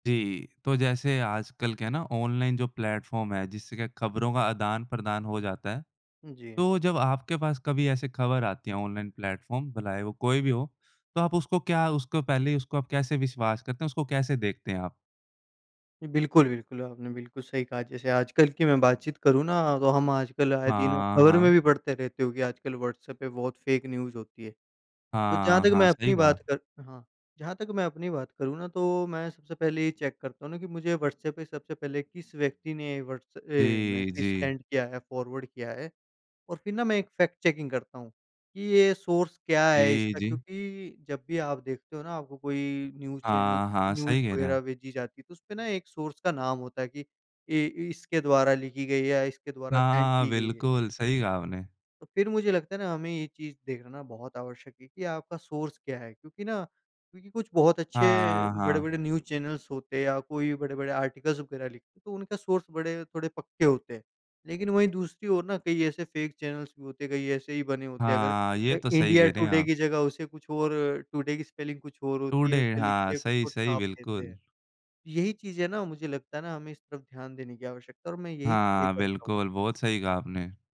जी, तो जैसे आजकल क्या है ना ऑनलाइन जो प्लेटफॉर्म है, जिससे क्या खबरों का आदान-प्रदान हो जाता है। जी। तो जब आपके पास कभी ऐसी खबर आती है ऑनलाइन प्लेटफॉर्म भलाए वो कोई भी हो, तो आप उसको क्या उसको पहले ही उसको आप कैसे विश्वास करते हैं? उसको कैसे देखते हैं आप? बिल्कुल, बिल्कुल आपने बिल्कुल सही कहा जैसे आजकल की मैं बातचीत करूँ ना तो हम आजकल आए दिनों हाँ, खबर में भी हाँ। पढ़ते रहते हो कि आजकल व्हाट्सएप पे बहुत फेक न्यूज़ होती है। तो जहाँ हाँ, तक हाँ, मैं सही अपनी कहा। बात कर हाँ, जहाँ तक मैं अपनी बात करूँ ना तो मैं सबसे पहले ये चेक करता हूँ ना कि मुझे व्हाट्सऐप पे सबसे पहले किस व्यक्ति ने व्हाट्सऐप अ, जी, मैसेज जी। सेंड किया है, फॉरवर्ड किया है। और फिर ना मैं एक फैक्ट चेकिंग करता हूँ कि ये सोर्स क्या है जी, इसका जी। क्योंकि जब भी आप देखते हो ना आपको कोई न्यूज़ चैनल हाँ, हाँ। न्यूज़ सही कह रहें वगैरह आप। भेजी जाती है तो उसमें ना एक सोर्स का नाम होता है कि ये ये इसके द्वारा लिखी गई है या इसके द्वारा सेंड हाँ, की गई है। बिल्कुल। सही कहा आपने। फिर मुझे लगता है ना, हमें ये चीज़ देखना बहुत आवश्यक है कि आपका सोर्स क्या है, क्योंकि ना क्योंकि कुछ बहुत अच्छे हाँ, हाँ। बड़े-बड़े न्यूज़ चैनल्स होते हैं या कोई बड़े-बड़े आर्टिकल्स वगैरह लिखते हैं, तो उनका सोर्स बड़े थोड़े पक्के होते हैं। लेकिन वहीं दूसरी ओर ना कई ऐसे फेक चैनल्स भी होते हैं। कई ऐसे ही बने होते हैं। अगर हाँ, ये अ, तो सही इंडिया कह रहे हैं टुडे आप। की जगह उसे कुछ और टुडे की स्पेलिंग कुछ और होती है टुडे उसपे लिख हाँ, के कुछ सही, और सही छाप देते बिल्कुल। हैं। यही चीज़ें ना मुझे लगता है ना, हमें इस तरफ ध्यान देने की आवश्यकता है और मैं यही चीज़ें हाँ, करता हूँ। बिल्कुल, बहुत सही कहा आपने।